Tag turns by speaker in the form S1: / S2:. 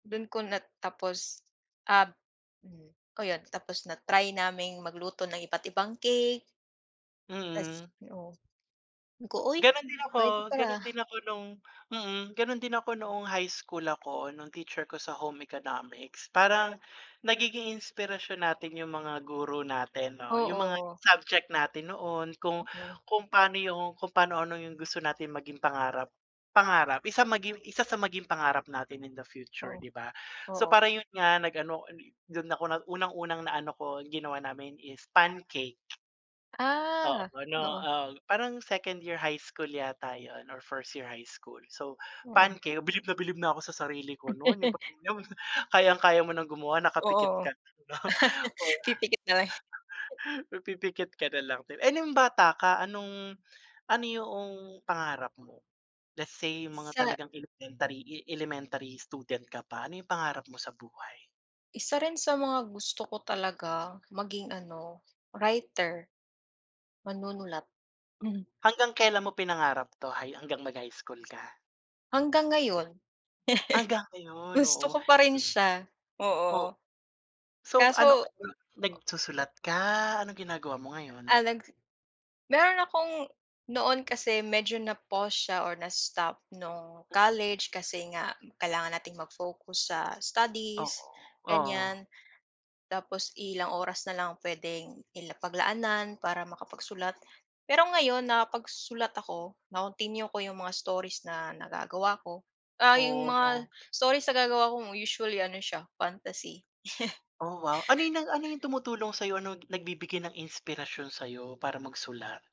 S1: Do'n ko na tapos, ah, oh, 'yon tapos na-try naming magluto ng iba't ibang cake. Tas,
S2: Mm.
S1: oh, sabi ko, "Uy
S2: Gano'n din ako,
S1: puwede pala."
S2: gano'n din ako nung, mm, gano'n din ako noong high school ako nung teacher ko sa home economics. Parang nagiging inspirasyon natin yung mga guro natin 'no, yung mga
S1: Oo.
S2: subject natin noon kung
S1: Oo.
S2: kung paano yung kung paano ano, yung gusto natin maging pangarap pangarap maging isa sa maging pangarap natin in the future,
S1: Oo,
S2: 'di ba? So,
S1: oo.
S2: parang 'yon nga nag ano dun ako na unang unang na ano ko ginawa namin is pancake. Oo,
S1: Ah,
S2: ano,
S1: oo.
S2: ah, parang second year high school yata 'yon or first year high school. So,
S1: Oo.
S2: pancake bilib na bilib na ako sa sarili ko no'n yung kayang-kaya mo ng gumawa nakapikit
S1: Oo.
S2: ka na, oh.
S1: Pipikit na lang.
S2: Pipikit ka na lang din, eh, nung bata ka anong, ano yoong pangarap mo? Let's say yung mga
S1: Sa
S2: talagang elementary elementary student ka pa ano yung pangarap mo sa buhay?
S1: Isa rin sa mga gusto ko talaga maging ano writer, manunulat.
S2: Hanggang kailan mo pinangarap 'to, hanggang mag-high school ka?
S1: Hanggang ngayon.
S2: Hanggang ngayon,
S1: Gusto
S2: oo.
S1: ko pa rin siya,
S2: O
S1: oo
S2: so,
S1: kaso
S2: ano
S1: o
S2: nagsusulat ka anong ginagawa mo ngayon?
S1: Ah, nag meron akong noon kasi medyo na pause siya or na stop nung college kasi nga kailangan nating mag-focus sa
S2: Oo,
S1: studies,
S2: oh.
S1: gan'yan, tapos ilang oras na lang puwedeng i la paglaanan para makapagsulat. Pero ngayon nakapagsulat ako na-continue ko yung mga stories na nagagawa ko, ah, yung mga
S2: Oh.
S1: stories nag gagawa ko usually ano siya fantasy.
S2: Oh, wow ano yung ano yung tumutulong sa'yo ano, nagbibigay ng inspirasyon sa iyo para magsulat?